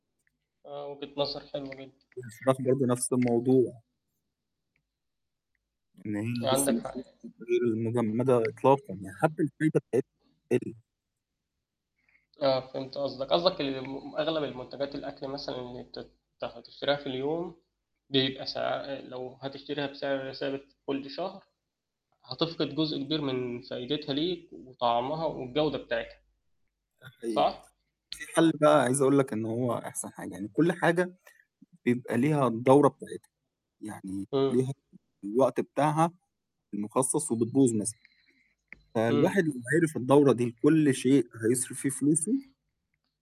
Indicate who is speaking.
Speaker 1: آه وجهة نظر حلوة جدًا.
Speaker 2: والفراخ برضه نفس الموضوع. إن هي لسه
Speaker 1: عندك
Speaker 2: ما
Speaker 1: حق يعني.
Speaker 2: [unintelligible] غير المجمدة إطلاقًا يعني حتى الفاهيتا بتاع. [unintelligible]
Speaker 1: آه، فهمت قصدك. قصدك إن م أغلب المنتجات الأكل مثلًا اللي تت هتشتريها في اليوم، بيبقى سعر لو هتشتريها بسعر ثابت كل شهر، هتفقد جزء كبير من فايدتها ليك وطعمها والجودة بتاعتها.
Speaker 2: ده حقيقي،
Speaker 1: صح؟
Speaker 2: في حل بقى عايز أقول لك إن هو أحسن حاجة، يعني كل حاجة بيبقى ليها الدورة بتاعتها، يعني
Speaker 1: إمم.
Speaker 2: ليها الوقت بتاعها المخصص وبتبوظ مثلًا،
Speaker 1: إمم.
Speaker 2: فالواحد لو عرف الدورة دي كل شيء هيصرف فيه فلوسه